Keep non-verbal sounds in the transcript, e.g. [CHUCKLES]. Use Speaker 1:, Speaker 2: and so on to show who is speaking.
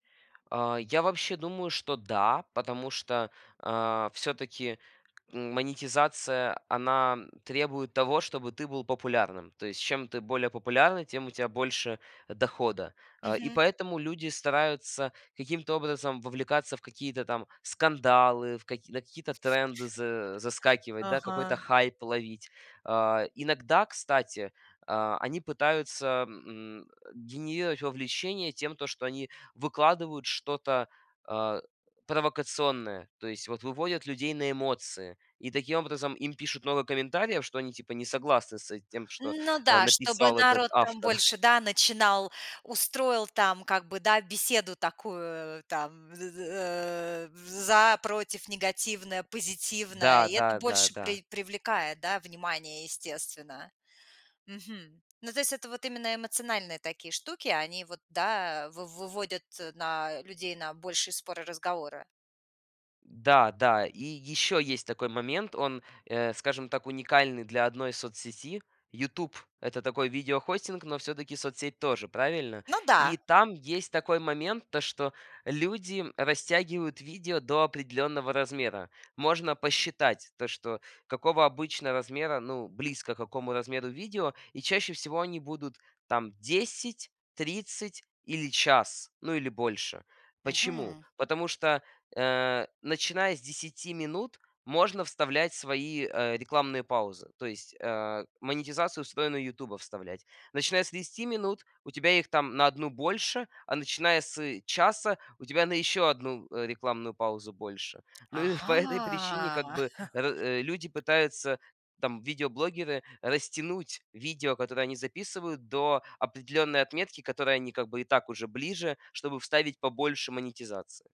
Speaker 1: А, я вообще думаю, что, да, потому что, а, всё-таки монетизация, она требует того, чтобы ты был популярным. То есть чем ты более популярный, тем у тя больше дохода. Э, и
Speaker 2: Мгм.
Speaker 1: поэтому люди стараются каким-то образом вовлекаться в какие-то там скандалы, в каки на какие-то тренды за
Speaker 2: [UNINTELLIGIBLE]
Speaker 1: заскакивать, да, какой-то
Speaker 2: Ага.
Speaker 1: хайп ловить. А, иногда, кстати, а, они пытаются, эм, генерировать вовлечение тем, то что они выкладывают что-то, а, провокационное. То есть вот выводят людей на эмоции. И таким образом им пишут много комментариев, что они типа не согласны с, э, тем, что,
Speaker 2: Ну
Speaker 1: э,
Speaker 2: да, чтобы
Speaker 1: написал этот
Speaker 2: народ там
Speaker 1: автор. [CHUCKLES]
Speaker 2: больше, да, начинал, устроил там как бы, да, беседу такую, э, там: з з э, в за, против, негативное, позитивное.
Speaker 1: Да
Speaker 2: И это
Speaker 1: да да
Speaker 2: больше
Speaker 1: да.
Speaker 2: прив привлекает, да, внимание, естественно. Мгм. Ну, то есть это вот именно эмоциональные такие штуки. Они вот, да, э, в выводят на людей на большие споры, разговоры.
Speaker 1: Да да. И ещё есть такой момент. Он, э, скажем так, уникальный для одной соцсети. "Ютуб"- это такой видео хостинг, но всё-таки соцсеть тоже, правильно?
Speaker 2: Ну да.
Speaker 1: И там есть такой момент, то что люди растягивают видео до определённого размера. Можно посчитать то, что какого обычно размера, ну, близко к какому размеру видео. И чаще всего они будут там 10, 30 или час, ну или больше. Почему?
Speaker 2: Мгм.
Speaker 1: Потому что, э, начиная с 10 минут можно вставлять свои, э, рекламные паузы, то есть, э, монетизацию встроенную "Ютуба" вставлять. Начиная с 30 минут у тебя их там на 1 больше, а начиная с часа у тебя на еще 1 рекламную паузу больше. Ну и по этой причине
Speaker 2: Ага.
Speaker 1: как бы р люди
Speaker 2: [CHUCKLES]
Speaker 1: пытаются, там видеоблогеры, растянуть видео, которое они записывают до определённой отметки, к которой они как бы и так уже ближе, чтобы вставить побольше монетизации.